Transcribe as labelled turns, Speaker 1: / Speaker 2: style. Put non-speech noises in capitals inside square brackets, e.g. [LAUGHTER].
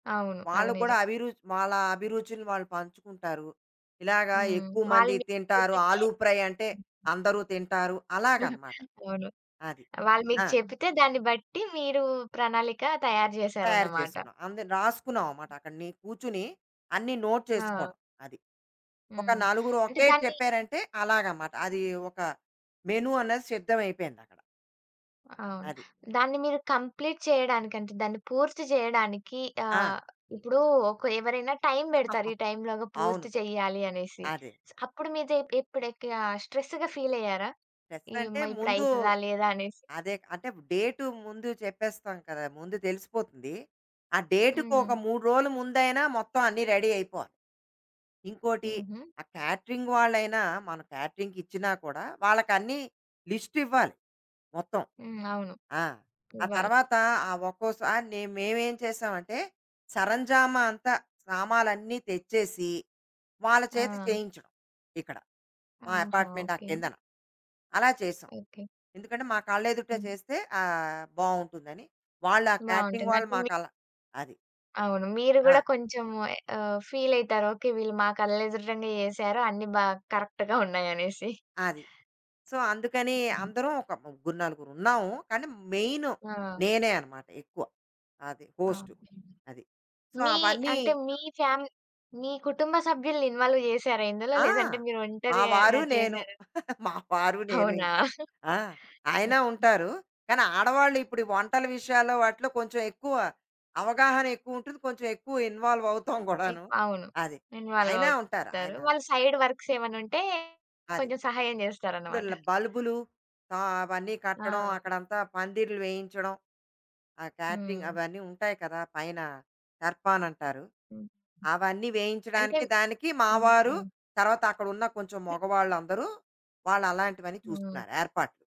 Speaker 1: అవును.
Speaker 2: వాళ్ళ
Speaker 1: అది
Speaker 2: కూడా
Speaker 1: నిజం.
Speaker 2: అభిరుచి వాళ్ళ అభిరుచిని వాళ్ళు పంచుకుంటారు. ఇలాగ
Speaker 1: హ్మ్.
Speaker 2: ఎక్కువ
Speaker 1: వాళ్ళు
Speaker 2: మంది
Speaker 1: మీకు
Speaker 2: తింటారు.
Speaker 1: చెప్పితే
Speaker 2: ఆలు ఫ్రై అంటే అందరూ తింటారు.
Speaker 1: [CHUCKLES]
Speaker 2: అలాగనమాట.
Speaker 1: అవును.
Speaker 2: అది.
Speaker 1: వాళ్ళు మీకు
Speaker 2: ఆ!
Speaker 1: చెప్పితే దాన్ని బట్టి మీరు ప్రణాళిక తయారు
Speaker 2: తయారు
Speaker 1: చేసారన్నమాట.
Speaker 2: చేసుకున్నా. అంద రాసుకున్నాం మాట. అక్కడ ని కూర్చొని, అన్ని నోట్
Speaker 1: ఆ!
Speaker 2: చేసుకోవడం. అది. ఒక
Speaker 1: హ్మ్.
Speaker 2: నలుగురు
Speaker 1: అంటే
Speaker 2: ఓకే
Speaker 1: దాన్ని
Speaker 2: చెప్పారంటే, అలాగమాట. అది. ఒక మెను అన్నది సిద్ధం అయిపోయిందక్కడ.
Speaker 1: అవును.
Speaker 2: అది.
Speaker 1: దాన్ని మీరు కంప్లీట్ చేయడానికి అంటే, దాన్ని పూర్తి చేయడానికి
Speaker 2: ఆ!
Speaker 1: ఆహ్, ఇప్పుడు ఒక ఎవరైనా టైమ్ బెడతారు.
Speaker 2: [CHUCKLES]
Speaker 1: ఈ టైమ్‌లోగా
Speaker 2: అవును.
Speaker 1: పూర్తి చేయాలి అనేసి.
Speaker 2: అదే.
Speaker 1: అప్పుడు మీదె ఎప్పుడెక్కియా స్ట్రెస్‌గా ఫీలయ్యారా?
Speaker 2: స్ట్రెస్ అంటే
Speaker 1: ఇమ్మా! ఇప్పుడు
Speaker 2: ముందు,
Speaker 1: అయితదా లేదా అనేసి.
Speaker 2: అదే అంటే డేటు ముందు చెప్పేస్తాం కదా! ముందు తెలిసిపోతుంది. ఆ డేట్‌ కొక
Speaker 1: హ్మ్.
Speaker 2: 3 రోలు ముందైనా, మొత్తం అన్నీ రెడీ అయిపోవాలి. ఇంకోటి,
Speaker 1: హుహు.
Speaker 2: ఆ కేటరింగ్ వాళ్ళైనా మనం కేటరింగ్‌ కిచ్చినా కూడా వాళ్ళకి అన్ని లిస్ట్ ఇవ్వాలి. మొత్తం.
Speaker 1: హ్మ్. అవును.
Speaker 2: ఆ! ఆ
Speaker 1: ఇవ్వాలి.
Speaker 2: తర్వాత, ఆ ఒక్కోసారి నె మేమేం చేసామంటే, సరంజామా అంతా, సామాలన్నీ తెచ్చేసి వాళ్ళ చేత
Speaker 1: ఆ!
Speaker 2: చేయించాం. ఇక్కడ. మా
Speaker 1: ఆహా!
Speaker 2: అపార్ట్మెంట్ ఆ
Speaker 1: ఓకే.
Speaker 2: కిందన. అలా చేసాం.
Speaker 1: ఓకే.
Speaker 2: ఎందుకంటే, మా కళ్ళెదుటే
Speaker 1: హ్మ్.
Speaker 2: చేస్తే ఆహ్, బావుంటుందని. వాళ్ళా ఆ కేటరింగ్
Speaker 1: బావుంటుంది.
Speaker 2: వాళ్ళు
Speaker 1: అంటే మి
Speaker 2: మాకలా అది.
Speaker 1: అవును. మీరు కూడా
Speaker 2: ఆ!
Speaker 1: కొంచెం ఎ ఆహ్, ఫీలైతారు అయితారు. ఓకే. వీళ్ళు మా కళ్ళెదుటనే చేసారు. అన్నీ బా కరెక్ట్‌గా [CHUCKLES] ఉన్నాయనేసి.
Speaker 2: అది. సో, అందుకని
Speaker 1: హ్మ్.
Speaker 2: అందరం ఒక ముగ్గురు నలుగురున్నాము. కానీ మెయిన్
Speaker 1: ఆ!
Speaker 2: నేనే అన్నమాట ఎక్కువ. అది
Speaker 1: ఆ!
Speaker 2: హోస్టు.
Speaker 1: ఓకే.
Speaker 2: అది. సో,
Speaker 1: మీ
Speaker 2: అవన్నీ
Speaker 1: అంటే మీ ఫ్యామి మీ కుటుంబ సభ్యులని ఇన్వాల్వ్ చేసారా ఇందులో?
Speaker 2: ఆ!
Speaker 1: [CHUCKLES] లేదంటే మీరు
Speaker 2: మా
Speaker 1: ఒంటరిగా
Speaker 2: వారు నేను.
Speaker 1: చేసారా?
Speaker 2: [CHUCKLES] మా వారు నేను
Speaker 1: అవునా?
Speaker 2: ఇంక. ఆ!
Speaker 1: ఓకే.
Speaker 2: ఆయనా ఉంటారు. కానీ ఆడవాళ్ళిప్పుడు వంటల విషయాల్లో వాటిలో, కొంచెం ఎక్కువ అవగాహనెక్కువుంటుంది. కొంచెం ఎక్కువ ఇన్వాల్వ్ అవుతాం [CHUCKLES]
Speaker 1: ఎ
Speaker 2: కూడాను.
Speaker 1: అవును.
Speaker 2: అది.
Speaker 1: ఇన్వాల్వ్
Speaker 2: ఆయనా ఉంటారు.
Speaker 1: అవుతారు.
Speaker 2: ఆయన
Speaker 1: వాళ్ళ సైడ్ వర్క్స్ ఏమైనా ఉంటే
Speaker 2: అది.
Speaker 1: కొంచెం సహాయం [CHUCKLES]
Speaker 2: ఇప్పుడు
Speaker 1: జేస్తారన్నమాట.
Speaker 2: ల బల్బులు ఆహ్, అవన్నీ కట్టడం,
Speaker 1: ఆ!
Speaker 2: అక్కడంతా పందిర్లు వేయించడం. ఆ కేటరింగ్
Speaker 1: హ్మ్.
Speaker 2: అవన్నీ ఉంటాయి కదా! పైన దర్బాన్ అంటారు.
Speaker 1: హ్మ్.
Speaker 2: అవన్నీ
Speaker 1: అంటే
Speaker 2: వేయించడానికి దానికి మా
Speaker 1: హ్మ్.
Speaker 2: వారు,
Speaker 1: హ్మ్.
Speaker 2: తర్వాత అక్కడున్న కొంచెం మొగవాళ్ళు అందరూ, వాళ్ళ అలాంటివన్నీ
Speaker 1: హ్మ్.
Speaker 2: చూసుకున్నారు. ఏర్పాట్లు.